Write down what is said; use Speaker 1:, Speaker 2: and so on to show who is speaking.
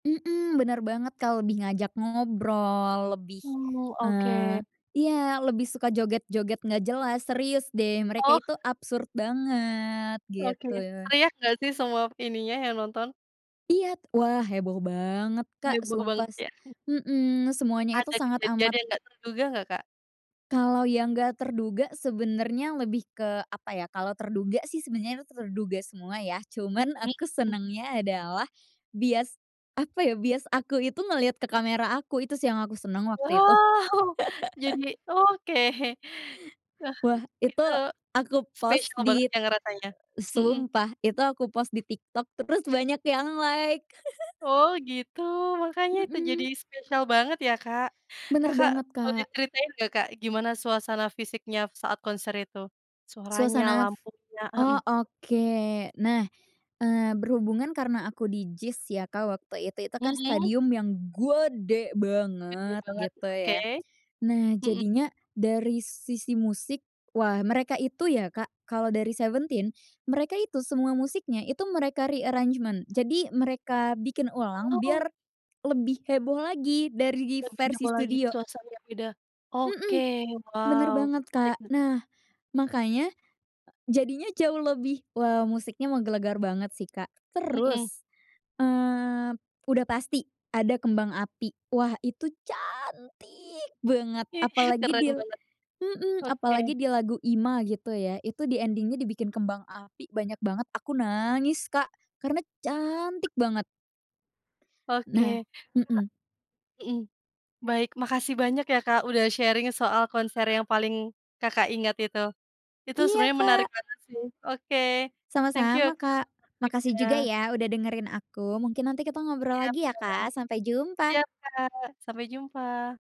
Speaker 1: Mhm benar banget Kak, lebih ngajak ngobrol, lebih,
Speaker 2: Mmm, oke.
Speaker 1: eee iya lebih suka joget-joget enggak jelas, serius deh mereka
Speaker 2: Oh.
Speaker 1: itu absurd banget,
Speaker 2: Oke,
Speaker 1: gitu ya.
Speaker 2: teriak enggak sih, semua ininya yang nonton?
Speaker 1: Iya, wah heboh banget Kak,
Speaker 2: Heboh
Speaker 1: sumpah
Speaker 2: banget ya?
Speaker 1: mhm semuanya itu
Speaker 2: Ada
Speaker 1: sangat
Speaker 2: kejadian
Speaker 1: amat
Speaker 2: yang enggak terduga enggak Kak?
Speaker 1: Kalo yang enggak terduga sebenernya lebih ke apa ya, kalo terduga sih sebenernya terduga semua ya, cuman
Speaker 2: Mmm,
Speaker 1: aku
Speaker 2: mhm.
Speaker 1: senengnya adalah, bias apa ya bias aku itu ngeliat ke kamera aku, itu sih yang aku senang waktu itu.
Speaker 2: Wow jadi oke, eh
Speaker 1: Wah itu
Speaker 2: gitu,
Speaker 1: aku post
Speaker 2: spesial banget
Speaker 1: di
Speaker 2: ya ngerasanya hmm.
Speaker 1: sumpah! Itu aku post di TikTok terus banyak yang like.
Speaker 2: Oh, gitu makanya itu jadi
Speaker 1: Mhm.
Speaker 2: spesial banget ya Kak,
Speaker 1: Benar
Speaker 2: Kakak,
Speaker 1: banget
Speaker 2: boleh
Speaker 1: Kak.
Speaker 2: diceritain enggak Kak, gimana suasana fisiknya saat konser itu? Suaranya,
Speaker 1: Suasana
Speaker 2: lampunya
Speaker 1: oh
Speaker 2: mhm.
Speaker 1: oke. Nah eee, berhubungan karena aku di JIS ya Kak, waktu itu, itu kan
Speaker 2: Mhm.
Speaker 1: stadium yang gede
Speaker 2: Gede
Speaker 1: banget
Speaker 2: banget,
Speaker 1: gitu
Speaker 2: oke
Speaker 1: ya, nah
Speaker 2: mhm.
Speaker 1: jadinya dari sisi musik, wah mereka itu ya Kak, kalau dari 17, mereka itu semua musiknya itu mereka re-arrangement, jadi mereka bikin ulang,
Speaker 2: Oh.
Speaker 1: biar lebih heboh lagi dari
Speaker 2: Lebih
Speaker 1: versi
Speaker 2: heboh lagi
Speaker 1: studio.
Speaker 2: suasana yang beda. Oke
Speaker 1: Mhm benar
Speaker 2: wow,
Speaker 1: banget Kak,
Speaker 2: menarik.
Speaker 1: nah makanya jadinya jauh lebih wow musiknya menggelegar banget sih Kak,
Speaker 2: Mhm.
Speaker 1: terus, eee, udah pasti ada kembang api, wah itu cantik banget
Speaker 2: Ih
Speaker 1: apalagi
Speaker 2: keren
Speaker 1: dil
Speaker 2: banget
Speaker 1: mhm,
Speaker 2: oke.
Speaker 1: apa di lagu IMA gitu ya, itu di ending-nya dibikin kembang api banyak banget aku nangis Kak, karena cantik banget. Nah
Speaker 2: Oke
Speaker 1: mhm.
Speaker 2: mhm. Baik, makasih banyak ya Kak, udah sharing soal konser yang paling Kakak, ingat itu. Itu
Speaker 1: Iya,
Speaker 2: sebenarnya menarik
Speaker 1: Kak.
Speaker 2: banget sih. Oke thank you
Speaker 1: Sama-sama
Speaker 2: Kak,
Speaker 1: Kak.
Speaker 2: atas
Speaker 1: Makasih juga
Speaker 2: waktunya.
Speaker 1: ya udah dengerin aku mungkin nanti kita ngobrol
Speaker 2: Iya
Speaker 1: lagi
Speaker 2: kak.
Speaker 1: ya Kak, sampai jumpa.
Speaker 2: Siap Kak, sampai jumpa!